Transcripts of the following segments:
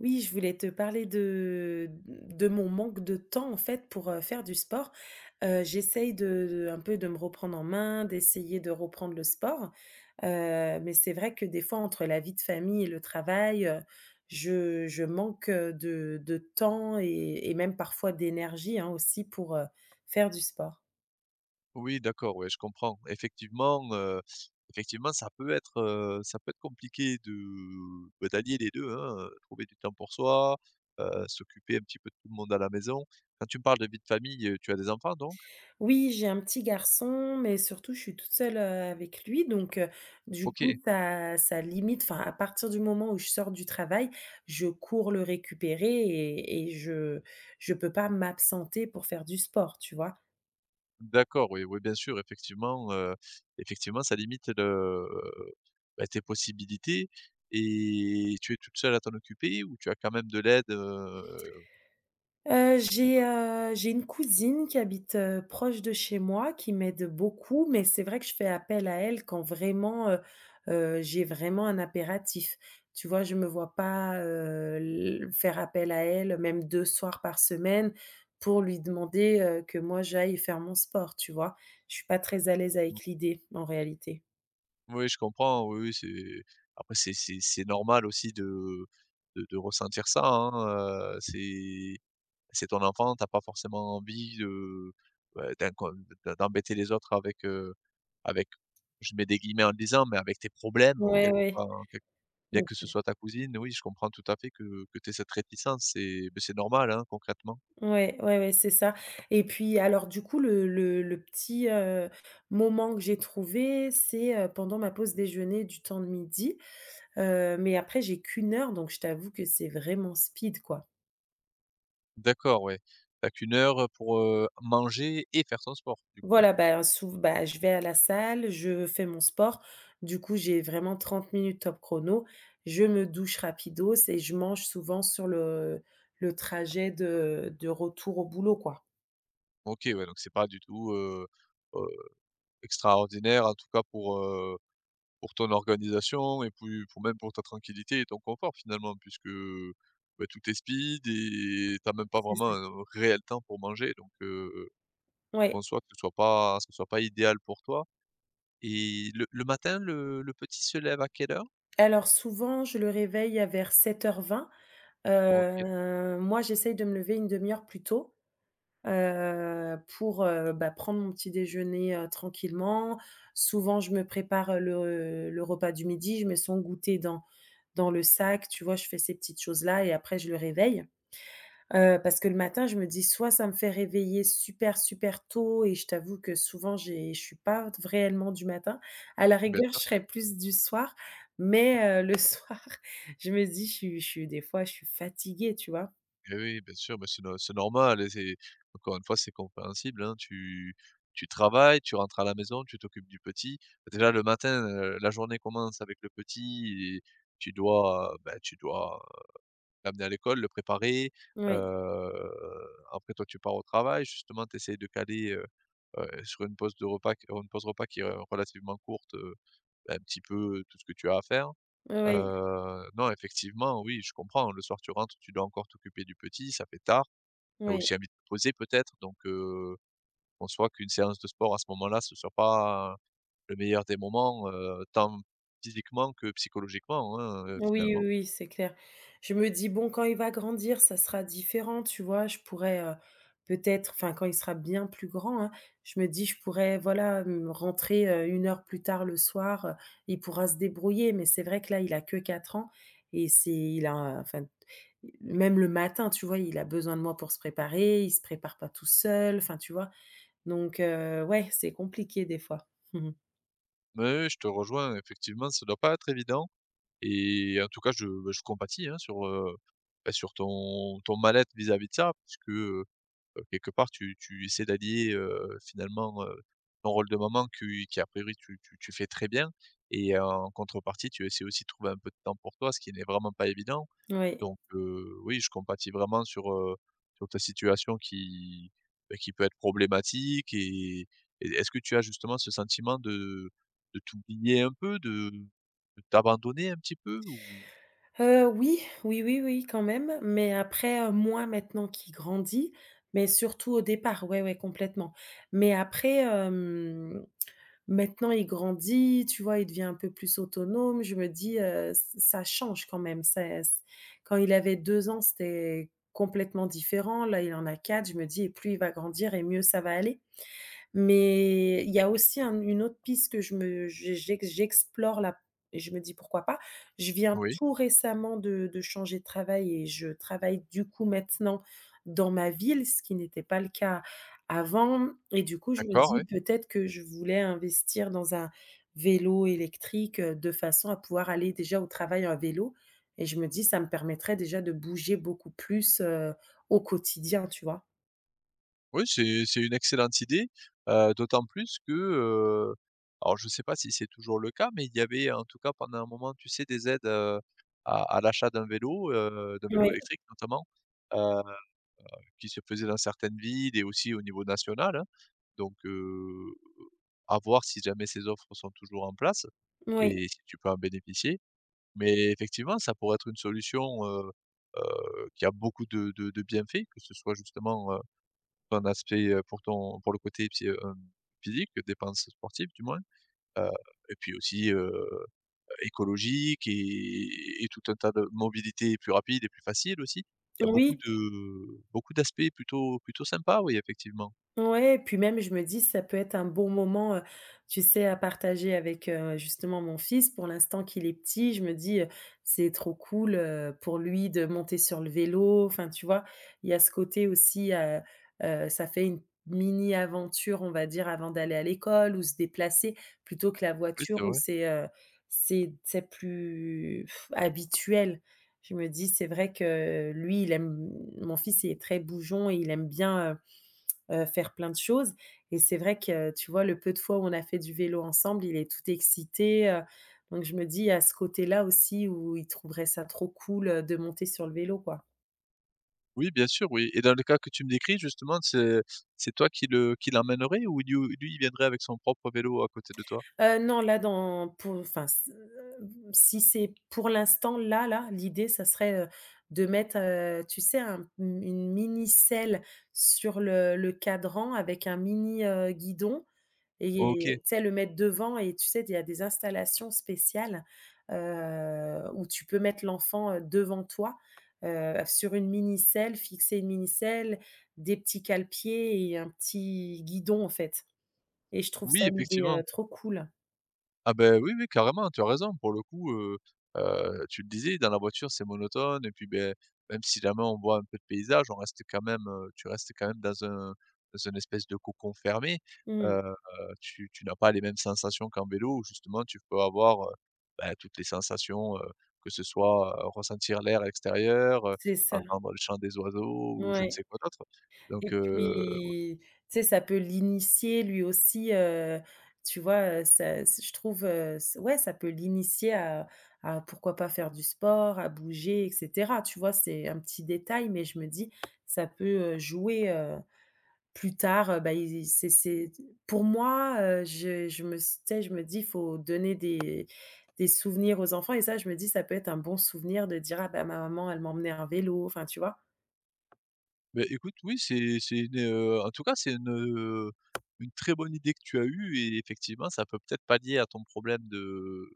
Oui, je voulais te parler de de mon manque de temps, en fait, pour, heu, faire du sport. Heu, j'essaye de de, un peu, de me reprendre en main, d'essayer de reprendre le sport. Heu, mais c'est vrai que des fois entre la vie de famille et le travail, heu, je je manque, heu, de de temps et et même, parfois, d'énergie, hein, aussi pour, heu, faire du sport. Oui d'accord. Ouais, je comprends. Effectivement, heu, effectivement, ça peut être, heu, ça peut être compliqué de, bah, d'allier les 2, hein. Heu, trouver du temps pour soi, heu, s'occuper un petit peu de tout le monde à la maison. Quand tu me parles de vie de famille, heu, tu as des enfants, donc? Oui, j'ai un petit garçon. Mais surtout, je suis toute seule, heu, avec lui, donc heu, du OK. coup, ça ça limite. Enfin, à partir du moment où je sors du travail, je cours le récupérer et et je je peux pas m'absenter pour faire du sport, tu vois. D'accord. Oui, oui, bien sûr. Effectivement, heu, effectivement, ça limite le, bah, tes possibilités et tu es toute seule à t'en occuper ou tu as quand même de l'aide heu? Heu, j'ai, heu, j'ai une cousine qui habite, heu, proche de chez moi, qui m'aide beaucoup, mais c'est vrai que je fais appel à elle quand, vraiment, heu heu, j'ai vraiment un impératif. Tu vois, je me vois pas, heu, l faire appel à elle, même 2 soirs par semaine, pour lui demander, heu, que moi j'aille faire mon sport, tu vois. Je suis pas très à l'aise Mmh. avec l'idée, en réalité. Oui, je comprends. Oui, oui, c'est après, c'est c'est c'est normal aussi de de de ressentir ça, hein. Heu, c'est c'est ton enfant. Tu as pas forcément envie, heu, bah, d'incon de d'embêter les autres avec, heu, avec je mets des guillemets en le disant mais avec tes problèmes en Ouais, quelque ouais. enfin, en quelque bien Ouais, que ce c'est soit ta cousine, oui, je comprends tout à fait que que tu aies cette réticence et bah, c'est normal, hein, concrètement. Ouais, ouais, ouais, c'est ça. Et puis, alors du coup, le le le petit, heu, moment que j'ai trouvé, c'est, heu, pendant ma pause déjeuner, du temps de midi. Heu, mais après, j'ai qu'1 donc, je t'avoue que c'est vraiment speed, quoi. D'accord, ouais. Tu as qu'une heure, heu, pour, heu, manger et faire ton sport, du coup? Voilà, bah, hein, souv bah, je vais à la salle, je fais mon sport. Du coup, j'ai vraiment 30 top chrono. Je me douche rapidos et je mange souvent sur le le trajet de de retour au boulot, quoi. OK. Ouais, donc c'est pas du tout, heu heu, extraordinaire, en tout cas pour, heu, pour ton organisation et puis, pour même pour ta tranquillité et ton confort finalement, puisque, bah, tout est speed et tu as même pas C'est vraiment ça. un réel temps pour manger. Donc heu, je Ouais. conçois que ce soit pas ce soit pas idéal pour toi. Et le le matin, le le petit se lève à quelle heure? Alors, souvent, je le réveille à vers 7h20. OK. Heu, moi, j'essaye de me lever 1/2 heure plus tôt, heu, pour, heu, bah, prendre mon petit déjeuner, heu, tranquillement. Souvent, je me prépare le le repas du midi. Je mets son goûter dans dans le sac, tu vois. Je fais ces petites choses là et après je le réveille. Heu, parce que le matin, je me dis: «Soit ça me fait réveiller super, super tôt» et je t'avoue que, souvent j'ai je suis pas te v réellement du matin, à la Bien rigueur sûr. je serai plus du soir mais, heu, le soir je me dis: «Je suis je suis, des fois, je suis fatiguée, tu vois». Hé oui, bien sûr. Mais c'est no c'est normal, hein et c'est encore une fois, c'est compréhensible, hein. Tu tu travailles, tu rentres à la maison, tu t'occupes du petit. Bah, déjà, le matin, heu, la journée commence avec le petit et tu dois, bah, tu dois, heu, l'amener à l'école, le préparer, Oui. heu, après, toi, tu pars au travail. Justement, tu essaies de caler, heu heu, sur une pause de repas q une pause repas qui est relativement courte, heu, un petit peu tout ce que tu as à faire. Oui. Heu, non, effectivement, oui, je comprends. Le soir, tu rentres, tu dois encore t'occuper du petit, ça fait tard. Tu as Oui. aussi envie de te poser, peut-être. Donc heu, conçoit qu'une séance de sport, à ce moment là, ce soit pas, le meilleur des moments, heu, tant physiquement que psychologiquement, hein, heu, Oui oui finalement. oui, c'est clair. Je me dis: «Bon quand il va grandir ça sera différent, tu vois». Je pourrais, heu, peut-être enfin, quand il sera bien plus grand, hein. Je me dis: «Je pourrais, voilà m rentrer, heu, 1 plus tard le soir, heu. Il pourra se débrouiller». Mais c'est vrai que là, il a que 4 ans et c'est il a enfin mmh, même le matin, tu vois, il a besoin de moi pour se préparer. Il se prépare pas tout seul, enfin, tu vois. Donc, heu, ouais, c'est compliqué, des fois. Ouais, ouais, je te rejoins. Effectivement, ça doit pas être évident et en tout cas, je, bah, je compatis hein, sur, heu, bah, sur ton ton mal-être vis-à-vis de ça, puisque, heu heu, quelque part, tu tu essaies d'allier, heu, finalement, heu, ton rôle de maman que y qu'à priori tu tu tu fais très bien et en contrepartie, tu essaies aussi de trouver un peu de temps pour toi, ce qui n'est vraiment pas évident. Oui. Donc heu, oui, je compatis vraiment sur, heu, sur ta situation qui, bah, qui peut être problématique. Et et est-ce que tu as justement ce sentiment de de t'oublier un peu? De de t'abandonner un petit peu, ou? Heu, oui, oui, oui, oui, quand même. Mais après, heu, moins maintenant qu'il grandit, mais surtout au départ. Ouais, ouais complètement. Mais après, hem, maintenant, il grandit, tu vois, il devient un peu plus autonome. Je me dis: «Heu ce ça change quand même. C'est quand il avait 2 ans, c'était complètement différent. Là il en a 4. Je me dis: «Plus il va grandir et mieux ça va aller», mais il y a aussi un une autre piste que je me je j'ex j'explore, là et je me dis: «Pourquoi pas?». Je viens Oui. tout récemment de de changer de travail et je travaille, du coup, maintenant dans ma ville, ce qui n'était pas le cas avant. Et du coup, je me D'accord, dis: ouais. «Peut-être que je voulais investir dans un vélo électrique, heu, de façon à pouvoir aller, déjà, au travail à vélo». Et je me dis: «Ça me permettrait déjà de bouger beaucoup plus, heu, au quotidien», tu vois. Oui c'est c'est une excellente idée. Heu, d'autant plus que, heu alors, je sais pas si c'est toujours le cas mais il y avait, en tout cas, pendant un moment, tu sais, des aides, heu, à à l'achat d'un vélo, heu, d'un vélo Oui. électrique notamment, heu heu, qui se faisait dans certaines villes et aussi au niveau national, hein. Donc, heu, à voir si jamais ces offres sont toujours en place Mmh, oui. et si tu peux en bénéficier. Mais, effectivement, ça pourrait être une solution, heu heu, qui a beaucoup de de de bienfaits, que ce soit justement, heu, un aspect, heu, pour ton pour le côté psy heu, physique, dépense sportive du moins, heu et puis aussi, heu heu, écologique et et tout un tas de mobilités plus rapides et plus faciles aussi. Il y a beaucoup Oui. de beaucoup d'aspects plutôt plutôt sympa. Oui, effectivement. Ouais. Et puis même, je me dis: «Ça peut être un bon moment», heu, tu sais, à partager avec, heu, justement, mon fils, pour l'instant qu'il est petit. Je me dis: «Heu, c'est trop cool», heu, pour lui de monter sur le vélo. Enfin, tu vois, il y a ce côté aussi, heu heu, ça fait une mini-aventure, on va dire, avant d'aller à l'école, où se déplacer, plutôt que la Oui, c'est voiture, où vrai. c'est, heu, c'est c'est plus habituel. Je me dis, c'est vrai que lui, il aime mon fils, il est très bougeon et il aime bien, heu heu, faire plein de choses. Et c'est vrai que, tu vois, le peu de fois où on a fait du vélo ensemble, il est tout excité, heu. Donc, je me dis, il y a ce côté-là aussi, où il trouverait ça trop cool, heu, de monter sur le vélo, quoi. Oui bien sûr oui et dans le cas que tu me décris justement c'est c'est toi qui le qui l'emmènerais ou il y ou lui il viendrait avec son propre vélo à côté de toi? Heu, non là dans pour fin s heu, si c'est pour l'instant là là l'idée ça serait, heu, de mettre, heu, tu sais un une une mini selle sur le le cadran avec un mini, heu, guidon OK. et tu sais le mettre devant et tu sais d il y a des installations spéciales, heu, où tu peux mettre l'enfant, heu, devant toi, heu, sur une mini selle, fixer une mini selle, des petits cale-pieds et un petit guidon en fait et je trouve Oui ça, l'idée, heu, effectivement. trop cool. Ah beh, oui oui carrément, hein, tu as raison pour le coup heu, heu, tu le disais dans la voiture c'est monotone et puis, beh, même si la main on voit un peu de paysages on reste quand même, heu tu restes quand même dans un dans un espèce de cocon fermé. Mmh. Heu, tu tu n'as pas les mêmes sensations qu'en vélo où justement tu peux avoir, heu, beh, toutes les sensations, heu, que ce soit, heu, ressentir l'air extérieur, heu, C'est ça. entendre le chant des oiseaux ou je ne Ouais. sais quoi d'autre. Donc, Et heu, au puis tu sais ça peut l'initier lui aussi, heu, tu vois? Heu, ça s je trouve, heu, s ouais ça peut l'initier à à pourquoi pas faire du sport, à bouger et cetera tu vois? C'est un petit détail mais je me dis: «Ça peut, heu, jouer, heu, plus tard», heu, beh, il il c'est c'est t pour moi, heu, je je me s tu sais je me dis: «Faut donner des des souvenirs aux enfants» et ça je me dis: «Ça peut être un bon souvenir de dire: "Ah ben ma maman elle m'emmenait à vélo"», enfin tu vois. Beh, écoute oui c'est c'est une, heu en tout cas c'est une, heu, une très bonne idée que tu as eue et effectivement ça peut peut-être palier à ton problème de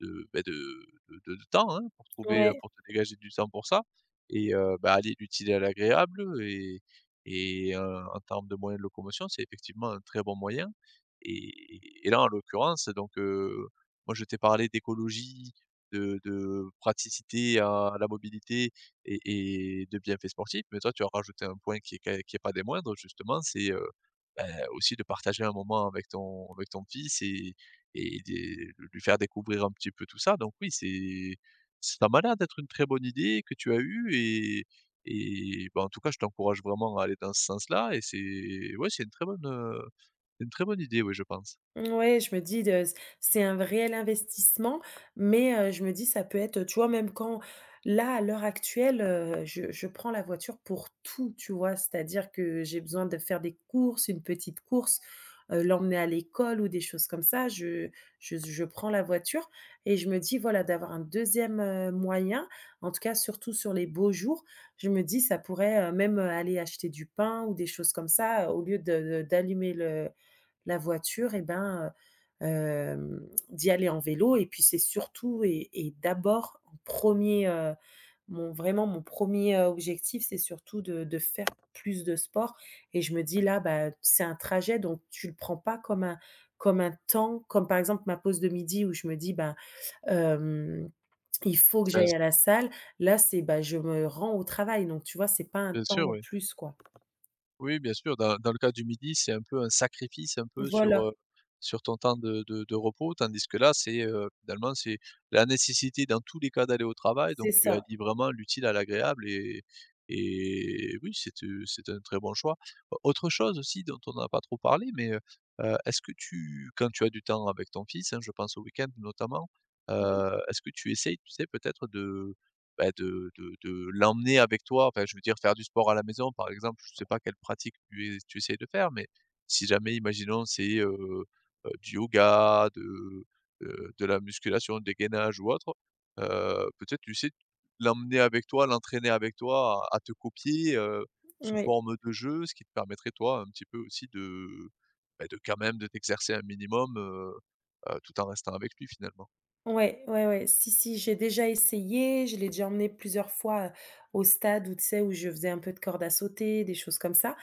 de, beh, de de de de temps, hein. Pour trouver, heu Ouais. pour te dégager du temps pour ça et heu, ben allier l'utile à l'agréable et et heu, en termes de moyens de locomotion c'est effectivement un très bon moyen et et et là en l'occurrence donc, heu, moi je t'ai parlé d'écologie, de de praticité à la mobilité et et de bienfaits sportifs. Mais toi tu as rajouté un point qui est quand qui est pas des moindres justement c'est, heu, beh aussi de partager un moment avec ton avec ton fils et et de lui faire découvrir un petit peu tout ça. Donc oui c'est ça m'a l'air d'être une très bonne idée que tu as eue et et ben en tout cas je t'encourage vraiment à aller dans ce sens-là et c'est ouais c'est une très bonne, heu, une très bonne idée oui je pense. Ouais je me dis de s c'est un v réel investissement mais, heu, je me dis: «Ça peut être heu» tu vois même quand là à l'heure actuelle, heu, je je prends la voiture pour tout tu vois? C'est à dire que j'ai besoin de faire des courses, une petite course, heu, l'emmener à l'école ou des choses comme ça, je je z je prends la voiture et je me dis, voilà d'avoir un 2e, heu, moyen en tout cas, surtout sur les beaux jours, je me dis: «Ça pourrait, heu, même, heu, aller acheter du pain ou des choses comme ça, au lieu de d'allumer le la voiture et ben, heu, hem, d'y aller en vélo» et puis c'est surtout et et d'abord en 1er, heu, mon vraiment mon 1er objectif c'est surtout de de faire plus de sport et je me dis: «Là beh, c'est un trajet, donc tu le prends pas comme un comme un temps», comme par exemple ma pause de midi où je me dis: «Ben, hem, il faut que j'aille [unintelligible] à la salle». Là c'est, bah je me rends au travail, donc tu vois c'est pas un Bien temps sûr, en oui. plus quoi. Oui bien sûr, dans dans le cas du midi, c'est un peu un sacrifice un peu, sur, Voilà. heu, sur ton temps de de de repos, tandis que là, c'est, heu, finalement, c'est la nécessité dans tous les cas d'aller au travail. C'est Donc tu ça. allies vraiment l'utile à l'agréable et et oui c'est, heu, c'est un très bon choix. Au autre chose aussi dont on a pas trop parlé mais, heu, heu, est-ce que tu quand tu as du temps avec ton fils, hein, je pense au week-end notamment. Heu, Oui. est-ce que tu essaies, tu sais peut-être de, bah, de de de l'emmener avec toi? Enfin je veux dire faire du sport à la maison par exemple. Je sais pas quelle pratique tu es tu essaies de faire, mais si jamais imaginons c'est, heu, heu, du yoga, de, heu, de la musculation, des gainages ou autres, heu, peut-être tu sais l'emmener avec toi, l'entraîner avec toi à à te copier, heu, sous Oui. forme de jeu, ce qui te permettrait toi un petit peu aussi de, beh, de quand même de t'exercer un minimum, heu, heu, tout en restant avec lui finalement. Ouais ouais ouais, si si j'ai déjà essayé. Je l'ai déjà emmené plusieurs fois, heu, au stade où tu sais où je faisais un peu de corde à sauter, des choses comme ça,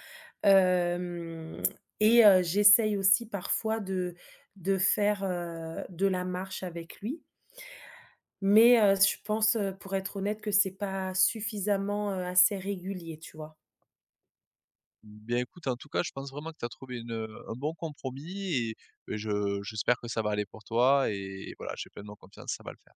hem et heu, j'essaye aussi parfois de de faire, heu, de la marche avec lui. Mais, heu, je pense, heu, pour être honnête que c'est pas suffisamment, heu, assez régulier tu vois? Bien écoute en tout cas je pense vraiment que tu as trouvé une, heu, un bon compromis et bah, je j'espère que ça va aller pour toi et voilà j'ai pleinement confiance, ça va le faire.